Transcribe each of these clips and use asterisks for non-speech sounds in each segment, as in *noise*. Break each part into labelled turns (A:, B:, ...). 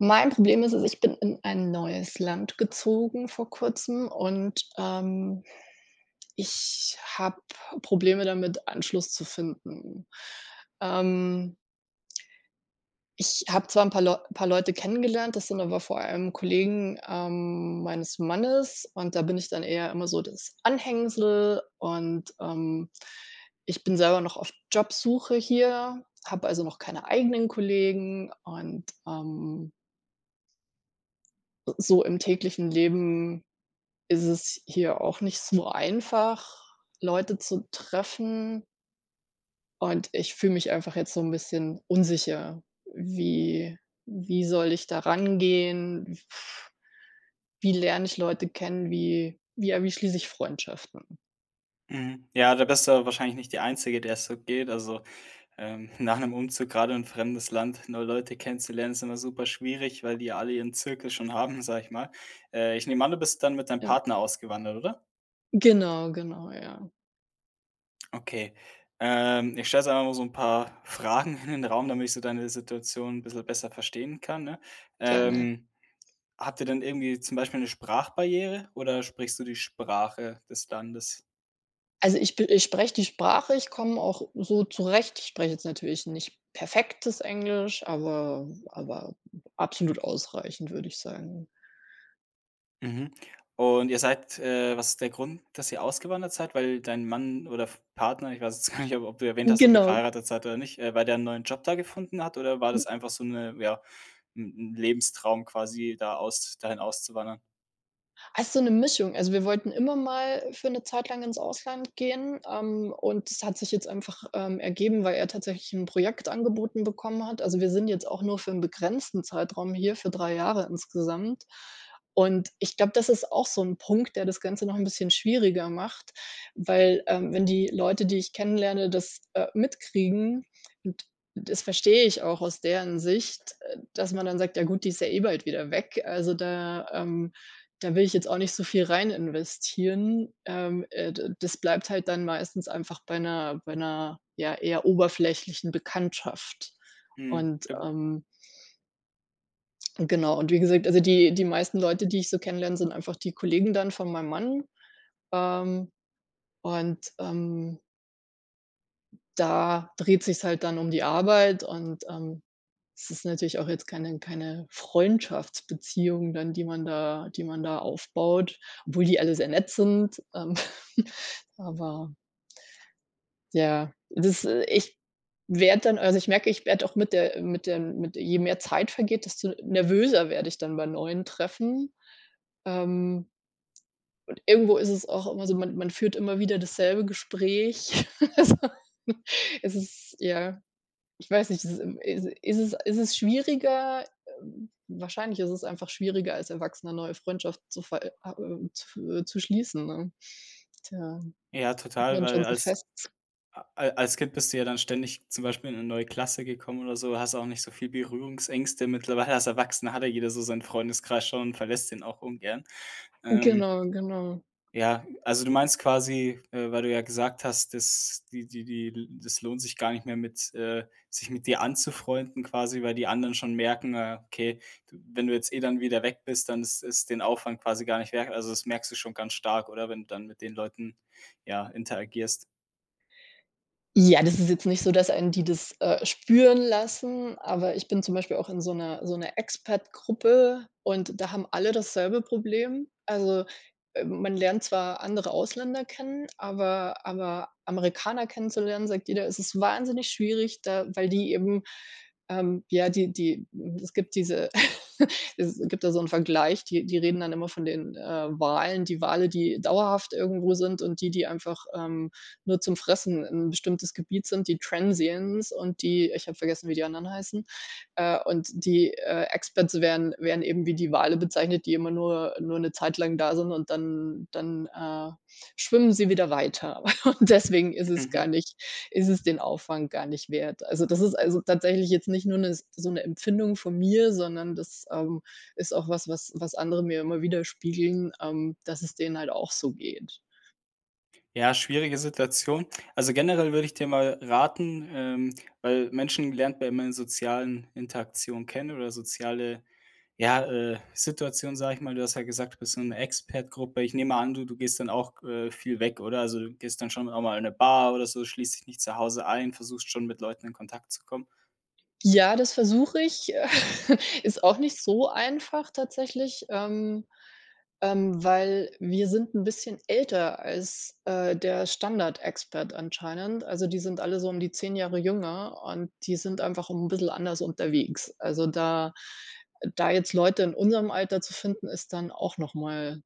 A: Mein Problem ist es: Ich bin in ein neues Land gezogen vor Kurzem und, ähm, ich habe Probleme damit, Anschluss zu finden. Ähm ich habe zwar 'n paar Leu paar Leute kennengelernt. Das sind aber vor allem Kollegen, ähm, meines Mannes und da bin ich dann eher immer so das Anhängsel und, ähm, ich bin selber noch auf Jobsuche hier, habe also noch keine eigenen Kollegen und, ähm äh, so im täglichen Leben ist es hier auch nicht so einfach, Leute zu treffen. Und ich fühle mich einfach jetzt so 'n bisschen unsicher. Wie wie soll ich da rangehen? W *blows air* wie lerne ich Leute kennen? Wie wie ja, wie schließe ich Freundschaften?
B: Mhm, ja, da bist du aber wahrscheinlich nicht die Einzige, der es so geht. Also, ähm, nach 'nem Umzug gerade in 'n fremdes Land neue Leute kennenzulernen ist immer super schwierig, weil die ja alle ihren Zirkel schon haben, sage ich mal. Äh, ich nehme an, du bist dann mit deinem
A: Ja.
B: Partner ausgewandert, oder?
A: Genau, genau, ja.
B: Okay, ähm ich stelle jetzt einfach mal so 'n paar Fragen in den Raum, damit ich so deine Situation 'n bisschen besser verstehen kann, ne?
A: Gerne.
B: Ähm, habt ihr denn irgendwie zum Beispiel 'ne Sprachbarriere oder sprichst du die Sprache des Landes?
A: Also, ich b ich spreche die Sprache, ich komme auch so zurecht. Ich spreche jetzt natürlich nicht perfektes Englisch, aber aber absolut ausreichend, würde ich sagen.
B: Mhm, und ihr seid äh, was ist der Grund, dass ihr ausgewandert seid? Weil dein Mann oder F Partner, ich weiß jetzt gar nicht, ob ob du erwähnt
A: Hm,
B: hast, ob ihr
A: genau.
B: verheiratet seid oder nicht, äh, weil der 'n neuen Job da gefunden hat, oder war das
A: *unintelligible*
B: einfach so 'ne ja, 'n 'n Lebenstraum quasi da aus dahin auszuwandern?
A: Ah, so 'ne Mischung. Also, wir wollten immer mal für 'ne Zeit lang ins Ausland gehen. Ähm, und das hat sich jetzt einfach, ähm, ergeben, weil er tatsächlich 'n Projekt angeboten bekommen hat. Also, wir sind jetzt auch nur für 'n begrenzten Zeitraum hier, für 3 Jahre insgesamt. Und ich glaube, das ist auch so 'n Punkt, der das Ganze noch 'n bisschen schwieriger macht, weil, ähm, wenn die Leute, die ich kennenlerne, das, äh, mitkriegen und das verstehe ich auch aus deren Sicht, äh, dass man dann sagt: „Ja, gut, die ist ja eh bald wieder weg.“ Also, da ähm, da will ich jetzt auch nicht so viel rein investieren. Ähm, äh, da das bleibt halt dann meistens einfach bei 'ner bei 'ner, ja, eher oberflächlichen Bekanntschaft
B: Mhm.
A: und
B: *unintelligible*
A: ähm Genau, und wie gesagt, also, die die meisten Leute, die ich so kennenlerne, sind einfach die Kollegen dann von meinem Mann, ähm, und, ähm Da dreht sich's halt dann um die Arbeit und, ähm, es ist natürlich auch jetzt keine keine Freundschaftsbeziehung dann, die man da die man da aufbaut, obwohl die alle sehr nett sind, ähm, *snorts* aber ja, das äh, ich werde dann also, ich merke, ich werde auch mit der äh, mit den mit je mehr Zeit vergeht, desto nervöser werde ich dann bei neuen Treffen. Ähm und irgendwo ist es auch immer so: Man man führt immer wieder dasselbe Gespräch. *chuckles* Also, es ist ja, ich weiß nicht, es ist, ähm, es ist es ist es schwieriger, ähm wahrscheinlich ist es einfach schwieriger, als Erwachsener neue Freundschaft zu ver ah äh, zu fe zu schließen, ne? Tja,
B: Ja,
A: ist
B: total,
A: man schon
B: weil
A: so
B: als
A: fest.
B: a al als Kind bist du ja dann ständig zum Beispiel in 'ne neue Klasse gekommen oder so, hast auch nicht so viel Berührungsängste. Mittlerweile als Erwachsener hat ja jeder so seinen Freundeskreis schon, verlässt den auch ungern.
A: Hm,
B: Ähm
A: genau, genau.
B: ja. Also, du meinst quasi, äh, weil du ja gesagt hast: „dass die die die das lohnt sich gar nicht mehr mit äh, sich mit dir anzufreunden“ quasi, weil die anderen schon merken: „Ah, okay, du wenn du jetzt eh dann wieder weg bist, dann ist es den Aufwand quasi gar nicht wert“? Also, das merkst du schon ganz stark, oder, wenn du dann mit den Leuten, ja, interagierst?
A: Ja, das ist jetzt nicht so, dass einen die das, äh, spüren lassen, aber ich bin zum Beispiel auch in so 'ner so 'ner Expat-Gruppe und da haben alle dasselbe Problem. Also, äh, man lernt zwar andere Ausländer kennen, aber aber Amerikaner kennenzulernen, sagt jeder: „Es ist wahnsinnig schwierig”, da weil die eben ähm, ja, die die es gibt diese *snorts* es gibt da so 'n Vergleich, die die reden dann immer von den, äh, Walen. Die Wale, die dauerhaft irgendwo sind, und die, die einfach, ähm, nur zum Fressen 'n bestimmtes Gebiet sind, die Transiens und die ich habe vergessen, wie die anderen heißen, äh, und die, äh, Expats werden werden eben wie die Wale bezeichnet, die immer nur nur 'ne Zeit lang da sind und dann dann, äh, schwimmen sie wieder weiter, *snorts* und deswegen ist es
B: Mhm.
A: gar nicht ist es den Aufwand gar nicht wert. Also, das ist, also, tatsächlich jetzt nicht nur 'ne s so 'ne Empfindung von mir, sondern das, ähm, ist auch was, was was andere mir immer widerspiegeln, ähm, dass es denen halt auch so geht.
B: Ja, schwierige Situation. Also, generell würde ich dir mal raten ähm, weil Menschen lernt man immer in sozialen Interaktionen kennen oder soziale, ja, äh, Situationen, sage ich mal. Du hast ja gesagt, du bist in so 'ner Expat-Gruppe. Ich nehme mal an, du du gehst dann auch, äh, viel weg, oder, also, du gehst dann schon auch mal in 'ne Bar oder so, schließt dich nicht zu Hause ein, versuchst schon, mit Leuten in Kontakt zu kommen?
A: Ja, das versuche ich, *chuckles* ist auch nicht so einfach tatsächlich, ähm, ähm, weil wir sind 'n bisschen älter als, äh, der Standard-Expat anscheinend. Also, die sind alle so um die 10 Jahre jünger und die sind einfach 'n bissel anders unterwegs. Also, da da jetzt Leute in unserem Alter zu finden, ist dann auch noch mal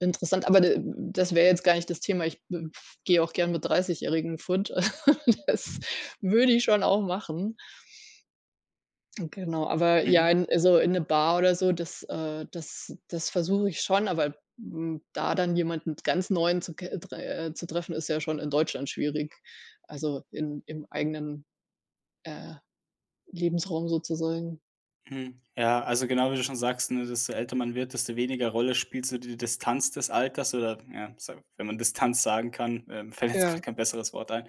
A: interessant. Aber de m das wäre jetzt gar nicht das Thema. Ich b f gehe auch gerne mit Dreißigjährigen fort. *chuckles* Das würde ich schon auch machen. Hm, genau, aber ja,
B: Mhm.
A: in so in 'ne Bar oder so, das, äh, das das versuche ich schon, aber, hm, da dann jemanden ganz Neuen zu ke äh, zu treffen, ist ja schon in Deutschland schwierig. Also, in im eigenen, äh, Lebensraum sozusagen.
B: Mhm. Ja, also, genau, wie du schon sagst, ne, desto älter man wird, desto weniger Rolle spielt so die Distanz des Alters oder ja, so wenn man Distanz sagen kann, ähm, fällt jetzt gerade
A: Ja.
B: kein besseres Wort ein.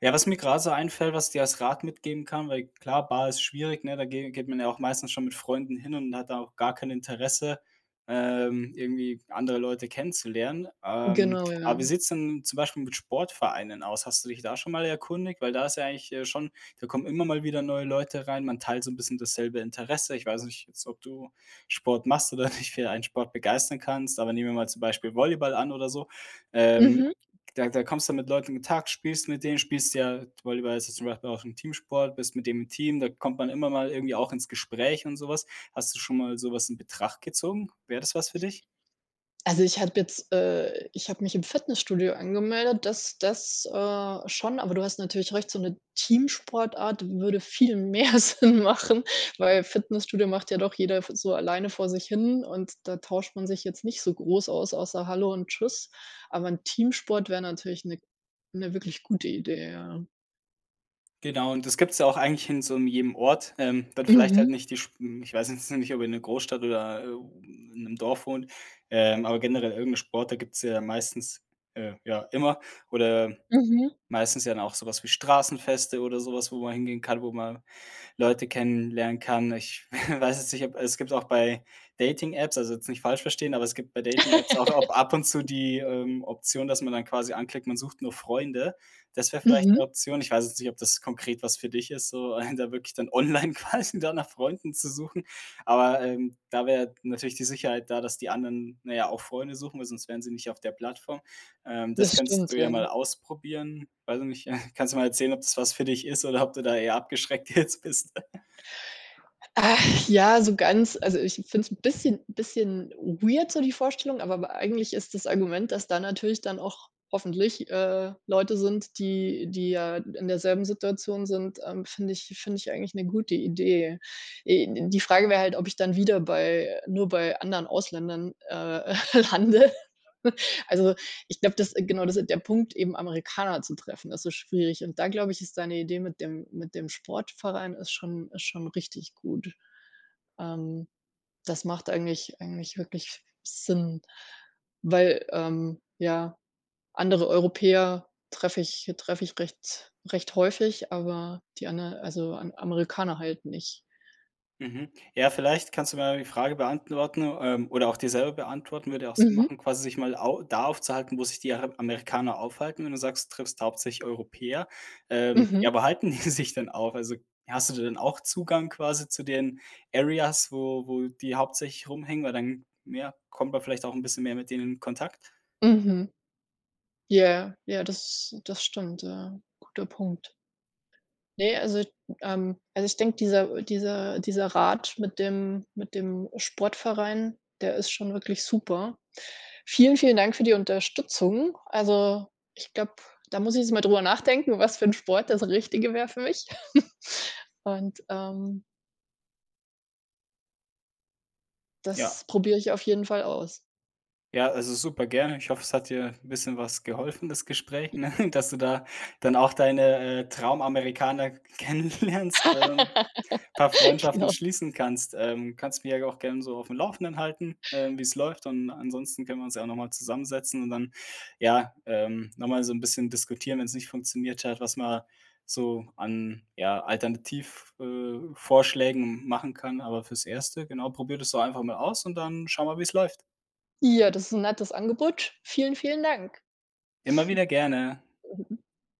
B: Ja, was mir grade so einfällt, was ich dir als Rat mitgeben kann weil, klar, Bar ist schwierig, ne, da ge geht man ja auch meistens schon mit Freunden hin und hat da auch gar kein Interesse, ähm, irgendwie andere Leute kennenzulernen. Ähm,
A: Genau,
B: aber
A: ja.
B: wie sieht's denn zum Beispiel mit Sportvereinen aus? Hast du dich da schon mal erkundigt? Weil da ist ja eigentlich, äh, schon da kommen immer mal wieder neue Leute rein, man teilt so 'n bisschen dasselbe Interesse. Ich weiß nicht jetzt, ob du Sport machst oder dich für ein Sport begeistern kannst, aber nehmen wir mal zum Beispiel Volleyball an oder so, ähm,
A: Mhm.
B: da da kommst du mit Leuten in Kontakt, spielst mit denen, spielst ja Volleyball ist zum Beispiel auch 'n Teamsport, bist mit dem im Team da kommt man immer mal irgendwie auch ins Gespräch und sowas. Hast du schon mal sowas in Betracht gezogen? Wäre das was für dich?
A: Also, ich habe jetzt, äh ich habe mich im Fitnessstudio angemeldet, das das, äh, schon, aber du hast natürlich recht, so 'ne Teamsportart würde viel mehr Sinn machen, weil Fitnessstudio macht ja doch jeder f so alleine vor sich hin und da tauscht man sich jetzt nicht so groß aus, außer „Hallo“ und „Tschüss“. Aber 'n Teamsport wäre natürlich 'ne 'ne wirklich gute Idee, ja.
B: Genau, und das gibt's ja auch eigentlich in so 'nem jedem Ort, ähm, dann vielleicht halt
A: Mhm.
B: nicht die sch m ich weiß jetzt nicht, ob in 'ner Großstadt oder, äh, u i in 'nem Dorf wohnt, ähm, aber generell irgend 'n Sport, da gibt's ja meistens äh, ja immer oder
A: Mhm.
B: meistens ja dann auch sowas wie Straßenfeste oder sowas, wo man hingehen kann, wo man Leute kennenlernen kann. Ich *snorts* weiß jetzt nicht, ob es gibt auch bei Dating-Apps also, jetzt nicht falsch verstehen, aber es gibt bei Dating-Apps auch ab ab und zu die,
A: *laughs*
B: ähm, Option, dass man dann quasi anklickt, man sucht nur Freunde. Das wäre vielleicht 'ne
A: Mhm.
B: Option. Ich weiß jetzt nicht, ob das konkret was für dich ist, so, einen da wirklich dann online quasi da nach Freunden zu suchen. Aber, ähm, da wäre natürlich die Sicherheit da, dass die anderen, na ja, auch Freunde suchen, weil sonst wären sie nicht auf der Plattform, ähm, das
A: Das
B: könntest
A: stimmt,
B: du ja
A: ja.
B: mal ausprobieren. Weiß ich nicht, *snorts* kannst ja mal erzählen, ob das was für dich ist oder ob du da eher abgeschreckt jetzt bist. *chuckles*
A: Ach ja, so ganz also, ich finde es 'n bisschen bisschen weird so die Vorstellung, aber aber eigentlich ist das Argument, dass da natürlich dann auch, hoffentlich, äh, Leute sind, die die ja in derselben Situation sind, ähm, finde ich finde ich eigentlich 'ne gute Idee. Äh, die Frage wäre halt, ob ich dann wieder bei nur bei anderen Ausländern, äh, lande. *snorts* Also, ich glaube, das genau, das ist der Punkt eben Amerikaner zu treffen, das ist schwierig. Und da glaube ich, ist deine Idee mit dem mit dem Sportverein ist schon ist schon richtig gut. Ähm, das macht eigentlich eigentlich wirklich Sinn, weil, ähm, ja, andere Europäer treffe ich treffe ich recht recht häufig, aber die aner also, Am Amerikaner halt nicht.
B: Mhm. Ja, vielleicht kannst du mir ja die Frage beantworten, ähm, oder auch dir selber beantworten. Würde ja auch Sinn
A: Mhm.
B: machen, quasi sich mal au da aufzuhalten, wo sich die Ara Amerikaner aufhalten, wenn du sagst, du triffst hauptsächlich Europäer. Ähm,
A: Mhm.
B: ja, wo halten die sich denn auf? Also, hast du da denn auch Zugang quasi zu den Areas, wo wo die hauptsächlich rumhängen, weil dann, ja, kommt man vielleicht auch 'n bisschen mehr mit denen in Kontakt?
A: Mhm. Ja, ja, das das stimmt, ja. Guter Punkt. Ne, also, d ähm, also, ich denke, dieser dieser dieser Rat mit dem mit dem Sportverein, der ist schon wirklich super. Vielen, vielen Dank für die Unterstützung. Also, ich glaube, da muss ich jetzt mal darüber nachdenken, was für 'n Sport das Richtige wäre für mich. *chuckles* Und, ähm
B: Ja.
A: das probiere ich auf jeden Fall aus.
B: Ja, also, super gerne. Ich hoffe, es hat dir 'n bisschen was geholfen, das Gespräch, ne? Dass du da dann auch deine, äh, Traumamerikaner kennenlernst, ähm, paar
A: *laughs*
B: Freundschaften
A: Genau.
B: schließen kannst, ähm. Kannst mich ja auch gern so auf dem Laufenden halten, ähm, wie's läuft. Und ansonsten können wir uns ja auch nochmal zusammensetzen und dann, ja, ähm, nochmal so 'n bisschen diskutieren, wenn's nicht funktioniert hat, was man so an, ja, Alternativ äh, Vorschlägen machen kann, aber fürs Erste, genau, probier das doch einfach mal aus und dann schau mal, wie's läuft.
A: Ja, das ist 'n nettes Angebot. Vielen, vielen Dank.
B: Immer wieder gerne.
A: *snorts* *unintelligible*